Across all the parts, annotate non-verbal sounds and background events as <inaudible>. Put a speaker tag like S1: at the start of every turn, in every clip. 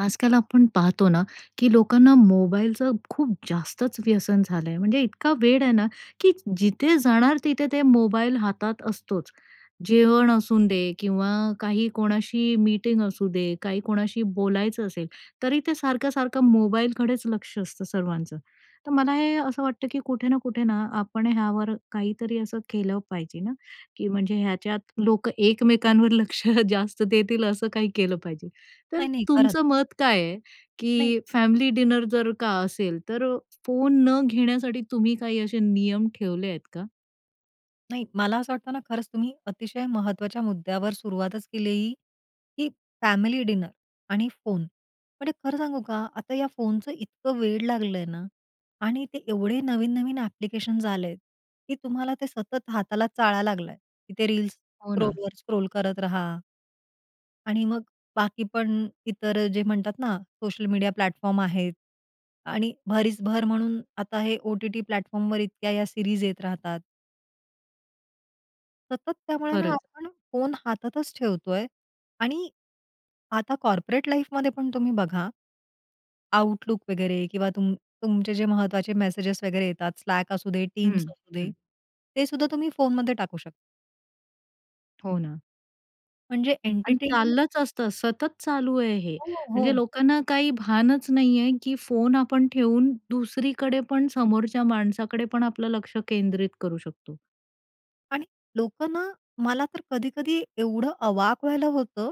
S1: आजकाल आपण पाहतो ना, की लोकांना मोबाईलचं खूप जास्तच व्यसन झालं आहे, म्हणजे इतका वेड आहे ना, की जिथे जाणार तिथे ते मोबाईल हातात असतोच. जेवण असून दे किंवा काही कोणाशी मीटिंग असू दे, काही कोणाशी बोलायचं असेल, तरी ते सारखं-सारखं मोबालकडेच लक्ष असतं सर्वांचं. तर मला हे असं वाटतं की कुठे ना कुठे ना, आपण ह्यावर काहीतरी असं केलं पाहिजे ना, की म्हणजे ह्याच्यात लोक एकमेकांवर लक्ष जास्त देतील असं काही केलं पाहिजे. तर
S2: नाही-नाही करत.
S1: तुमचं मत काय आहे
S2: नाही.
S1: की फॅमिली डिनर जर का असेल, तर फोन न घेण्यासाठी तुम्ही काही असे नियम ठेवले आहेत का?
S2: नाही, मला असं वाटतं ना, खरंच तुम्ही अतिशय महत्त्वाच्या मुद्द्यावर सुरुवातच केलेली की फॅमिली डिनर आणि फोन. म्हणजे खरं सांगू का? आता या फोनचं इतकं वेड लागलं आहे ना आणि ते एवढे नवीन-नवीन ॲप्लिकेशन्स आलेत, की तुम्हाला ते सतत हाताला चाळा लागला आहे की ते रील्स
S1: हो ना.
S2: स्क्रोलवर स्क्रोल करत रहा. आणि मग बाकी पण इतर जे म्हणतात ना, सोशल मीडिया प्लॅटफॉर्म आहेत आणि भरीसभर म्हणून आता, हे ओ-टी-टी प्लॅटफॉर्मवर इतक्या या सीरीज येत राहतात. सतत त्यामुळे ना
S1: खरंच.
S2: आपण फोन हातातच ठेवतो आहे आणि आता कॉर्पोरेट लाईफमध्ये पण तुम्ही बघा. आउटलुक वगैरे किंवा तुम तुमचे जे महत्त्वाचे मेसेज वगैरे येतात, स्लॅक असू दे, टीम्स
S1: हं,
S2: असू दे
S1: हं.
S2: ते सुद्धा तुम्ही फोनमध्ये टाकू शकता.
S1: हो ना.
S2: म्हणजे
S1: आणि
S2: एन्टरटेनमेंट.
S1: चाललंच असतं, सतत चालू आहे हे.
S2: हो,
S1: म्हणजे
S2: हो.
S1: लोकांना काही भानच नाहीये, की फोन आपण ठेवून दुसरीकडे पण समोरच्या माणसाकडे पण आपलं लक्ष केंद्रित करू शकतो.
S2: आणि लोकं ना मला तर कधी-कधी एवढं अवाक व्हायला होतं,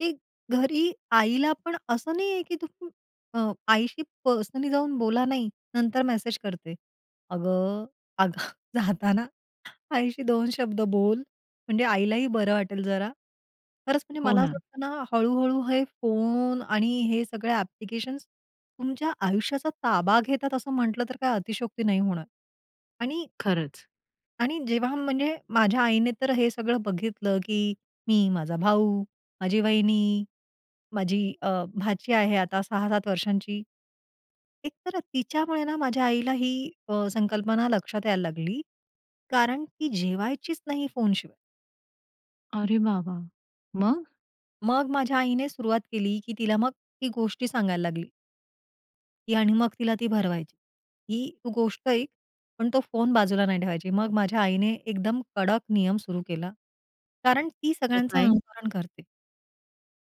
S2: की घरी आईला पण असं नाही आहे की तू अ, आईशी पर्सनली जाऊन बोला. नाही, नंतर मेसेज करते. अगं, अगं जाताना <chuckles> आईशी दोन शब्द बोल म्हणजे आईलाही बरं वाटेल जरा. खरंच म्हणजे
S1: हो
S2: मला असं
S1: ना.
S2: वाटतं ना, हळूहळू हे फोन आणि हे सगळे ॲप्लिकेशन्स तुमच्या आयुष्याचा ताबा घेतात. असं म्हटलं तर काही अतिशयोक्ती नाही होणार आणि
S1: खरंच.
S2: आणि जेव्हा म्हणजे माझ्या आईने तर हे सगळं बघितलं, की मी, माझा भाऊ, माझी वाहिनी, माझी अ, भाची आहे आता 6-7 वर्षांची. एक तर तिच्यामुळे ना, माझ्या आईला ही अ, संकल्पना लक्षात यायला लागली. कारण ती जेवायचीच नाही फोनशिवाय.
S1: अरे बाबा! मग?
S2: मग माझ्या आईने सुरुवात केली, की तिला मग ती गोष्टी सांगायला लागली. ती आणि मग तिला ती भरवायची. ही तू गोष्ट ऐक पण तो फोन बाजूला नाही ठेवायची. मग माझ्या आईने एकदम कडक नियम सुरू केला, कारण ती
S1: तो
S2: सगळ्यांचं
S1: काय?
S2: अनुकरण करते.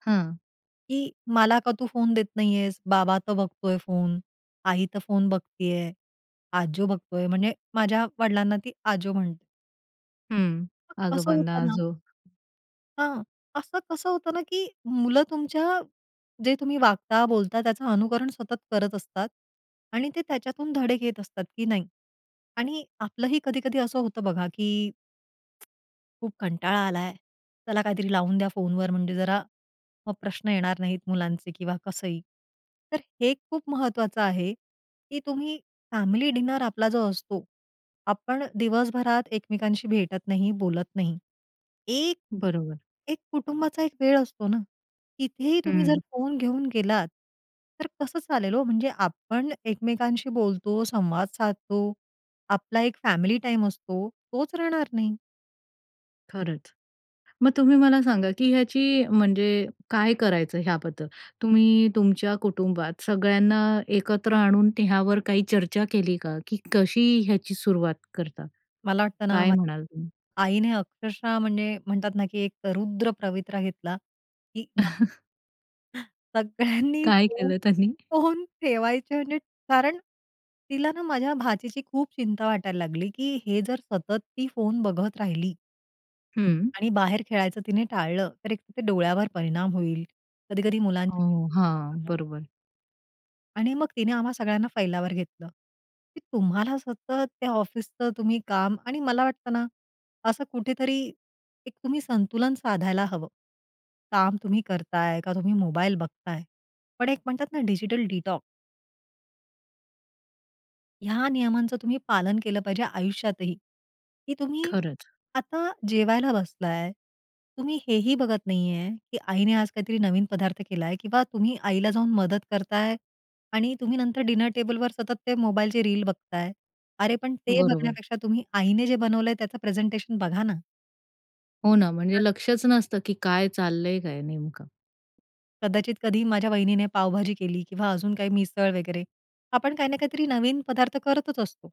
S1: हं.
S2: की मला का तू फोन देत नाही आहेस? बाबा तर बघतोय फोन, आई तर फोन बघती आहे, आजो बघतोय म्हणजे माझ्या वडिलांना ती आजो म्हणते.
S1: हं,
S2: मग कसं
S1: आजोबांना
S2: होतं ना
S1: जो.
S2: हां, असं कसं होतं ना, की मुलं तुमच्या जे तुम्ही वागता, बोलता त्याचं अनुकरण सतत करत असतात. आणि ते त्याच्यातून धडे घेत असतात की नाही आणि आपलंही कधी, कधी असं होतं बघा की <tsk> खूप कंटाळा आलाय. चला काहीतरी लावून द्या फोनवर, म्हणजे जरा मग प्रश्न येणार नाहीत मुलांचे किंवा कसंही. तर हे खूप महत्त्वाचं आहे, की तुम्ही फॅमिली डिनर आपला जो असतो, आपण दिवसभरात एकमेकांशी भेटत नाही, बोलत नाही. एक
S1: बरोबर.
S2: एक कुटुंबाचा एक वेळ असतो ना, तिथेही तुम्ही जर
S1: हं.
S2: फोन घेऊन गेलात तर कसं चालेल हो? म्हणजे आपण एकमेकांशी बोलतो, संवाद साधतो, आपला एक फॅमिली टाईम असतो, तोच राहणार नाही.
S1: खरंच. मग तुम्ही मला सांगा, की ह्याची म्हणजे काय करायचं, ह्याबद्दल तुम्ही तुमच्या कुटुंबात सगळ्यांना एकत्र आणून ह्यावर काही चर्चा केली का, की कशी ह्याची सुरुवात करता?
S2: मला वाटत ना
S1: काय
S2: म
S1: म्हणाल तुम्ही?
S2: आईने अक्षरशः म्हणजे म्हणतात ना, की एक रुद्र पवित्रा घेतला की <unintelligible>
S1: <chuckles>
S2: <chuckles> सगळ्यांनी
S1: काय केलं त्यांनी?
S2: फोन ठेवायचे म्हणजे कारण तिला ना, माझ्या भाचीची खूप चिंता वाटायला लागली, की हे जर सतत ती फोन बघत राहिली
S1: हं.
S2: आणि बाहेर खेळायचं तिने टाळलं, तर एक डोळ्यावर परिणाम होईल. कधी-कधी
S1: अ,
S2: मुलांच्या
S1: हां, बरोबर.
S2: आणि मग तिने आम्हा सगळ्यांना फैलावर घेतलं, की तुम्हाला सतत त्या ऑफिसचं तुम्ही काम आणि मला वाटतं ना असं कुठेतरी एक तुम्ही संतुलन साधायला हवं. काम तुम्ही करताय का, तुम्ही मोबाईल बघताय? पण एक म्हणतात ना डिजिटल डिटॉक्स. ह्या नियमांचं तुम्ही पालन केलं पाहिजे आयुष्यात ही की तुम्ही
S1: खरंच.
S2: आता जेवायला बसला आहे, तुम्ही हे ही बघत नाही आहे की आईने आज काहीतरी नवीन पदार्थ केला आहे किंवा तुम्ही आईला जाऊन मदत करता आहे आणि तुम्ही नंतर डिनर टेबलवर सतत ते मोबाईलचे रील बघता आहे. अरे! पण ते
S1: बरोबर.
S2: बघण्यापेक्षा तुम्ही आईने जे बनवलं आहे, त्याचं प्रेझेंटेशन बघा ना.
S1: हो ना, म्हणजे
S2: <unintelligible>
S1: लक्षच नसतं की काय चाललं आहे काय नेमकं?
S2: कदाचित कधी माझ्या वहिनीने पावभाजी केली किंवा अजून काही मिसळ वगैरे, आपण काही ना काहीतरी नवीन पदार्थ करतच असतो.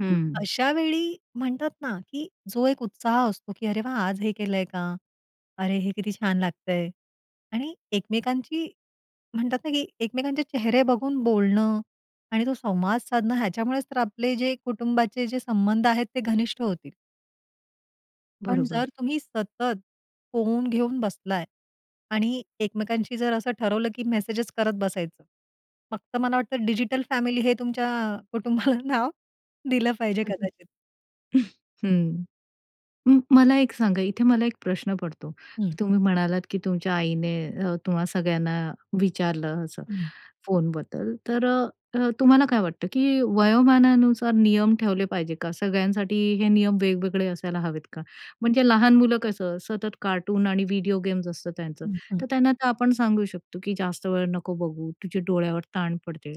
S1: हं.
S2: अशा वेळी म्हणतात ना, की जो एक उत्साह असतो की "अरे वाह! आज हे केलं आहे का? अरे! हे किती छान लागतं आहे" आणि एकमेकांची म्हणतात ना की एकमेकांचे चेहरे बघून बोलणं आणि तो संवाद साधणं, ह्याच्यामुळेच तर आपले जे कुटुंबाचे जे संबंध आहेत, ते घनिष्ठ होतील. पण
S1: बरोबर.
S2: जर तुम्ही सतत फोन घेऊन बसला आहे आणि एकमेकांशी जर असं ठरवलं, की मेसेज करत बसायचं, फक्त मला वाटतं डिजिटल फॅमिली हे तुमच्या कुटुंबाला नाव दिलं पाहिजे
S1: <unintelligible>
S2: कदाचित.
S1: <chuckles> हं. मग मला एक सांगा. इथे मला एक प्रश्न पडतो
S2: हं.
S1: की तुम्ही म्हणालात, की तुमच्या आईने अ, तुम्हा सगळ्यांना विचारलं असं,
S2: हं.
S1: फोनबद्दल. तर तुम्हाला काय वाटतं? की वयोमानानुसार नियम ठेवले पाहिजे का? सगळ्यांसाठी हे नियम वेगवेगळे असायला हवेत का? म्हणजे लहान मुलं कसं, सतत कार्टून आणि व्हिडिओ गेम्स असतात त्यांचं,
S2: हं. हं.
S1: तर त्यांना तर आपण सांगू शकतो की जास्त वेळ नको बघू, तुझ्या डोळ्यावर ताण पडते.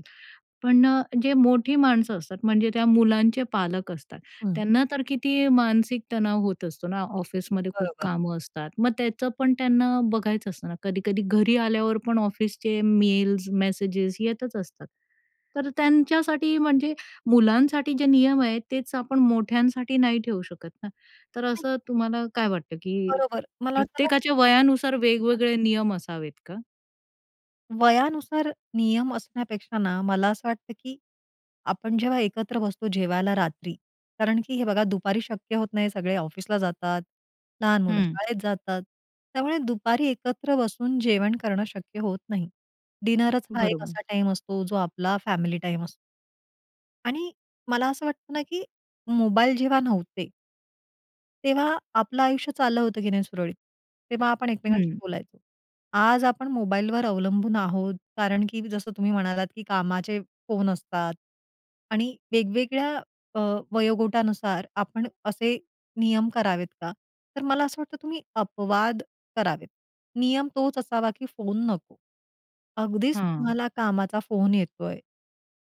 S1: पण अ, जे मोठी माणसं असतात, म्हणजे त्या मुलांचे पालक असतात,
S2: हं.
S1: त्यांना तर किती मानसिक तणाव होत असतो ना? ऑफिसमध्ये खूप
S2: बरोबर.
S1: कामं असतात, मग त्याचं पण त्यांना बघायचं असतं ना. कधी-कधी घरी आल्यावर पण ऑफिसचे मेल्स, मेसेजेस येतच असतात. तर त्यांच्यासाठी, म्हणजे मुलांसाठी जे नियम आहेत, तेच आपण मोठ्यांसाठी नाही ठेवू शकत ना. तर असं तुम्हाला काय वाटतं की
S2: बरोबर, मला वाटतं ना
S1: प्रत्येकाच्या वयानुसार वेगवेगळे नियम असावेत का?
S2: वयानुसार नियम असण्यापेक्षा ना, मला असं वाटतं की आपण जेव्हा एकत्र बसतो जेवायला रात्री, कारण की हे बघा दुपारी शक्य होत नाही. सगळे ऑफिसला जातात, लहान मुलं
S1: हं.
S2: शाळेत जातात. त्यामुळे दुपारी एकत्र बसून जेवण करणं शक्य होत नाही. डिनरच हा एक
S1: बरोबर.
S2: असा टाईम असतो, जो आपला फॅमिली टाईम असतो. आणि मला असं वाटतं ना, की मोबाईल जेव्हा नव्हते तेव्हा आपलं आयुष्य चाललं होतं की नाही सुरळीत? तेव्हा आपण एकमेकांशी
S1: हं.
S2: बोलायचो. आज आपण मोबाईलवर अवलंबून आहोत, कारण की जसं तुम्ही म्हणालात की कामाचे फोन असतात आणि वेगवेगळ्या अ, वयोगटानुसार आपण असे नियम करावेत का? तर मला असं वाटतं, तुम्ही अपवाद करावेत. नियम तोच असावा की फोन नको. अगदीच
S1: हां.
S2: तुम्हाला कामाचा फोन येतो आहे,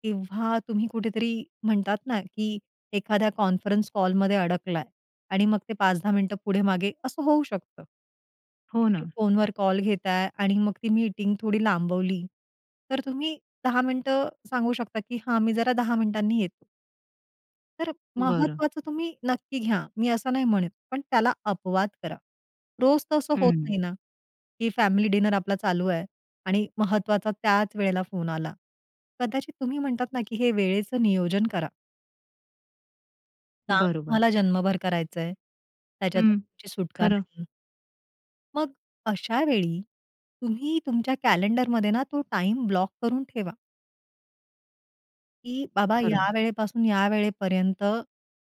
S2: तेव्हा तुम्ही कुठेतरी म्हणतात ना, की एखाद्या कॉन्फरन्स कॉलमध्ये अडकला आहे आणि मग ते 5:00-10:00 मिनिटं पुढे मागे, असं होऊ शकतं की
S1: हो ना.
S2: तुम्ही फोनवर कॉल घेता आहे आणि मग ती मीटिंग थोडी लांबवली, तर तुम्ही 10:00 मिनिटं सांगू शकता की हां, मी जरा 10:00 मिनिटांनी येतो. तर
S1: बरं.
S2: महत्त्वाचं तुम्ही नक्की घ्या, मी असं नाही म्हणत, पण त्याला अपवाद करा. रोज तसं होत
S1: हं.
S2: नाही ना, की फॅमिली डिनर आपला चालू आहे आणि महत्त्वाचा त्याच वेळेला फोन आला. कदाचित तुम्ही म्हणतात ना, की हे वेळेचं नियोजन करा. काम
S1: बरोबर.
S2: तुम्हाला जन्मभर करायचंय, त्याच्यातून
S1: हं,
S2: तुमची सुटका
S1: खरं.
S2: नाही. मग अशा वेळी तुम्ही तुमच्या कॅलेंडरमध्ये ना, तो टाइम ब्लॉक करून ठेवा. की बाबा,
S1: खरंय.
S2: या वेळेपासून या वेळेपर्यंत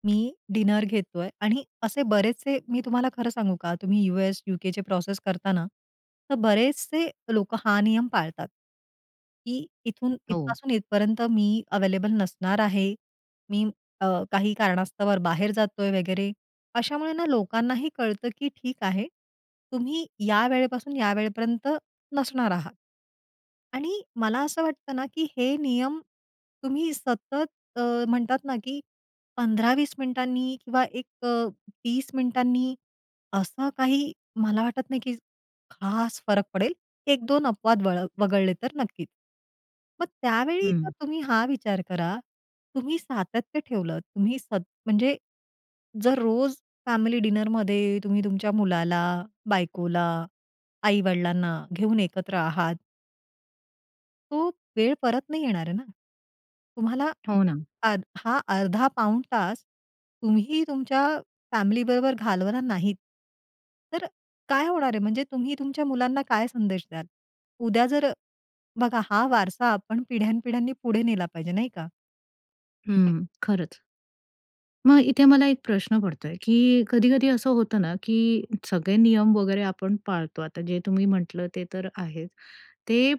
S2: मी डिनर घेतोय आणि असे बरेचसे मी तुम्हाला खरं सांगू का? तुम्ही US, UK चे प्रोसेस करता ना, तर बरेचसे लोकं हा नियम पाळतात की इथून
S1: हो.
S2: इथपासून इथपर्यंत मी अवेलेबल नसणार आहे. मी अ, काही कारणास्तव बाहेर जातोय वगैरे, अशामुळे ना लोकांनाही कळतं की ठीक आहे, तुम्ही या वेळेपासून या वेळेपर्यंत नसणार आहात आणि मला असं वाटतं ना, की हे नियम तुम्ही सतत अ, म्हणतात ना की 15-20 मिनिटांनी किंवा एक, 30 मिनिटांनी, असं काही मला वाटत नाही की खास फरक पडेल, 1-2 अपवाद वळ वगळले तर नक्कीच. मग त्यावेळी जर
S1: हं.
S2: तुम्ही हा विचार करा, तुम्ही सातत्य ठेवलं तुम्ही सत म्हणजे जर रोज फॅमिली डिनरमध्ये तुम्ही तुमच्या मुलाला, बायकोला, आई-वडिलांना घेऊन एकत्र आहात. तो वेळ परत नाही येणार आहे ना? तुम्हाला
S1: हो, ना.
S2: अध हा अर्धा-पाऊण तास तुम्ही तुमच्या फॅमिलीबरोबर घालवणार नाहीत, तर काय होणार आहे? म्हणजे तुम्ही तुमच्या मुलांना काय संदेश द्याल? उद्या जर बघा हा वारसा आपण पिढ्यान-पिढ्यांनी पुढे नेला पाहिजे नाही का?
S1: हं, खरंच. मग इथे मला एक प्रश्न पडतोय, की कधी-कधी असं होतं ना, की सगळे नियम वगैरे आपण पाळतो. आता जे तुम्ही म्हटलं ते तर आहेच. ते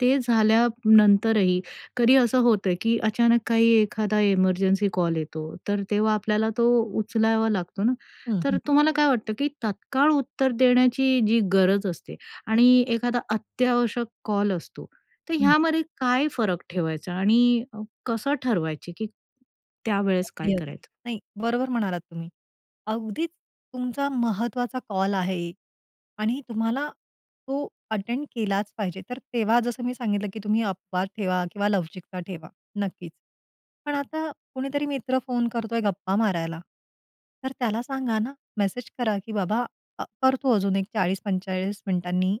S1: ते झाल्यानंतरही कधी असं होतं, की अचानक काही एखादा इमर्जन्सी कॉल येतो. तर तेव्हा आपल्याला तो उचलावा लागतो ना,
S2: हं,
S1: तर
S2: हं.
S1: तुम्हाला काय वाटतं, की तात्काळ उत्तर देण्याची जी गरज असते आणि एखादा अत्यावश्यक कॉल असतो. तर
S2: हं.
S1: ह्यामध्ये काय फरक ठेवायचा आणि अ, कसं ठरवायचे, की त्यावेळेस काय
S2: अगदी, अगदी.
S1: करायचं?
S2: नाही, बरोबर म्हणालात तुम्ही. अगदीच, तुमचा महत्त्वाचा कॉल आहे आणि तुम्हाला तो अटेंड केलाच पाहिजे, तर तेव्हा जसं मी सांगितलं, की तुम्ही अपवाद ठेवा किंवा लवचिकता ठेवा. नक्कीच. पण आता कुणीतरी मित्र फोन करतोय गप्पा मारायला, तर त्याला सांगा ना, मेसेज करा की "बाबा, अ, करतो अजून एक 40-45 मिनिटांनी,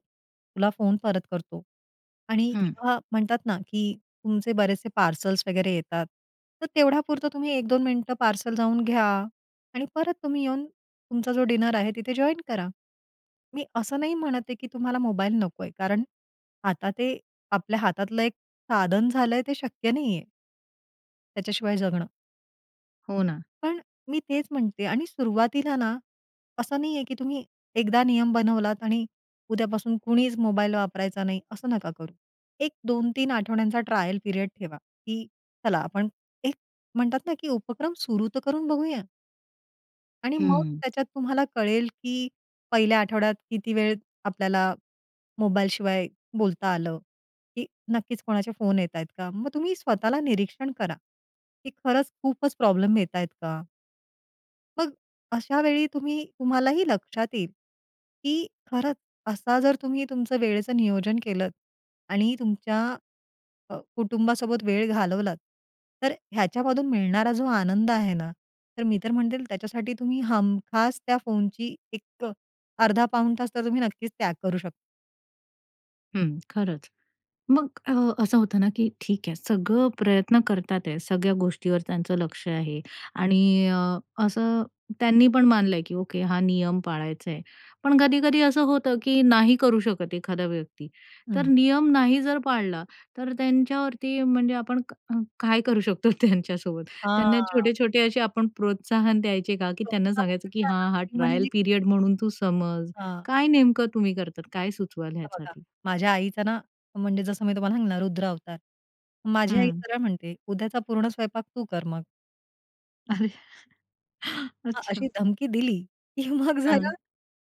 S2: तुला फोन परत करतो" आणि
S1: हं.
S2: किंवा म्हणतात ना, की तुमचे बरेचसे पार्सल्स वगैरे येतात, तर तेवढ्यापुरतं तुम्ही 1-2 मिनिटं पार्सल जाऊन घ्या आणि परत तुम्ही येऊन तुमचा जो डिनर आहे तिथे जॉइन करा. मी असं नाही म्हणत आहे, की तुम्हाला मोबाईल नकोय. कारण, आता ते आपल्या हातातलं एक साधन झालंय, ते शक्य नाही आहे त्याच्याशिवाय जगणं.
S1: हो, ना.
S2: पण, मी तेच म्हणते आणि सुरुवातीला ना, असं नाहीये, की तुम्ही एकदा नियम बनवलात आणि उद्यापासून कुणीच मोबाईल वापरायचा नाही असं नका करू. एक 2-3 आठवड्यांचा ट्रायल पिरियड ठेवा, की चला आपण एक म्हणतात ना, की उपक्रम सुरू तर करून बघूया. आणि
S1: हं,
S2: मग
S1: हं.
S2: त्याच्यात तुम्हाला कळेल, की पहिल्या आठवड्यात किती वेळ आपल्याला मोबाईल शिवाय बोलता आलं? की नक्कीच कोणाचे फोन येत आहेत का? मग तुम्ही स्वतःला निरीक्षण करा, की खरंच खूपच प्रॉब्लेम येत आहेत का? मग अ, अशा वेळी तुम्ही तुम्हालाही लक्षात येईल, की खरंच असा जर तुम्ही तुमचं वेळेचं नियोजन केलंत आणि तुमच्या अ, कुटुंबासोबत वेळ घालवलात, तर अ, ह्याच्यामधून मिळणारा जो आनंद आहे ना, तर मी तर म्हणते त्याच्यासाठी तुम्ही हमखास त्या फोनची एक अ, अर्धा-पाऊण तास तर तुम्ही नक्कीच त्याग करू शकता.
S1: हं, खरंच. मग अ, असं होतं ना, की ठीक आहे, सगळं प्रयत्न करत आहेत, सगळ्या गोष्टीवर त्यांचं लक्ष आहे आणि अ, असं त्यांनी पण मानलं आहे, की "ओके, हा नियम पाळायचा आहे." पण कधी-कधी असं होतं, की नाही करू शकत एखादा व्यक्ती. तर
S2: हं.
S1: नियम नाही जर पाळला, तर अ, त्यांच्यावरती म्हणजे आपण का अ, काय करू शकतो त्यांच्यासोबत. त्यांना
S2: हां.
S1: छोटे-छोटे असे आपण प्रोत्साहन द्यायचे का? की
S2: <unintelligible>
S1: त्यांना सांगायचं, की
S2: पेक्षा ना,
S1: हां, हा
S2: मी म्हणेन
S1: ट्रायल
S2: एक
S1: पीरियड म्हणून तू समज.
S2: हां.
S1: काय नेमकं तुम्ही करतात? काय सुचवाल
S2: आता बघा,
S1: ह्यासाठी?
S2: माझ्या आईचा ना, म्हणजे जसं मी तुम्हाला सांगितलं ना रुद्रावतार. माझी आई
S1: हं.
S2: सरळ म्हणते, "उद्याचा पूर्ण स्वयंपाक तू कर मग."
S1: अरे
S2: अ, अ,
S1: अच्छा.
S2: अशी धमकी दिली, की मग जरा
S1: हां.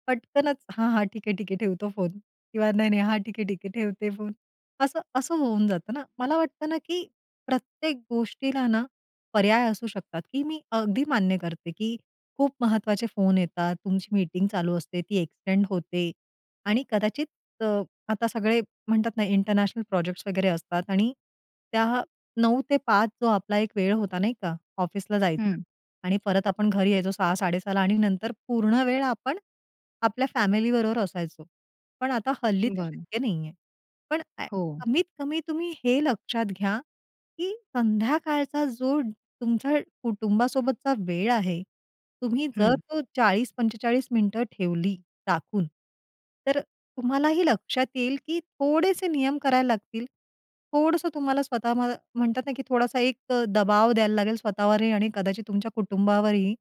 S2: पटकनच, "हां, हां, ठीक आहे, ठीक आहे, ठेवतो फोन" किंवा "नाही, नाही. हां, ठीक आहे, ठीक आहे ठेवते फोन." असं असं होऊन जातं ना. मला वाटतं ना, की प्रत्येक गोष्टीला ना, पर्याय असू शकतात की मी अगदी मान्य करते, की खूप महत्त्वाचे फोन येतात, तुमची मीटिंग चालू असते ती एक्सटेंड होते आणि कदाचित अ, आता सगळे म्हणतात ना इंटरनॅशनल प्रोजेक्ट्स वगैरे असतात आणि त्या 9:00-5:00 जो आपला एक वेळ होता नाही का, ऑफिसला जायचा
S1: हं.
S2: आणि परत आपण घरी यायचो 6:00-6:30ला आणि नंतर पूर्ण वेळ आपण आपल्या फॅमिली बरोबर असायचो. पण आता हल्ली ते
S1: बरं.
S2: शक्य नाहीये. पण का
S1: हो.
S2: कमीत-कमी तुम्ही हे लक्षात घ्या, की संध्याकाळचा जो तुमच्या कुटुंबासोबतचा वेळ आहे. तुम्ही जर
S1: हं.
S2: तो 40-45 मिनिटं ठेवली राखून, तर अ, तुम्हालाही लक्षात येईल, की थोडेसे नियम करायला लागतील. थोडंसं तुम्हाला स्वतः म्ह म्हणतात ना, की थोडासा एक अ, दबाव द्यायला लागेल स्वतःवरही आणि कदाचित तुमच्या कुटुंबावरही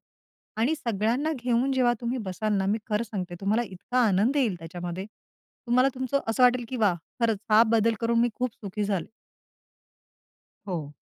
S2: आणि सगळ्यांना घेऊन, जेव्हा तुम्ही बसाल ना, मी खरं सांगते तुम्हाला इतका आनंद येईल त्याच्यामध्ये. तुम्हाला तुमचं असं वाटेल, की "वाह! खरंच हा, बदल करून मी खूप सुखी झाले."
S1: हो.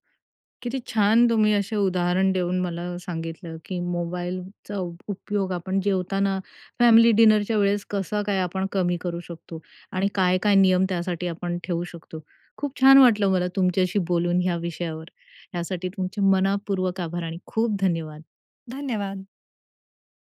S1: किती छान तुम्ही असे उदाहरण देऊन मला सांगितलं, की मोबाईलचा उपयोग आपण जेवताना फॅमिली डिनरच्या वेळेस कसं काय आपण कमी करू शकतो आणि काय, काय नियम त्यासाठी आपण ठेवू शकतो. खूप छान वाटलं मला तुमच्याशी बोलून ह्या विषयावर. यासाठी तुमचे मनःपूर्वक आभार आणि खूप धन्यवाद.
S2: धन्यवाद.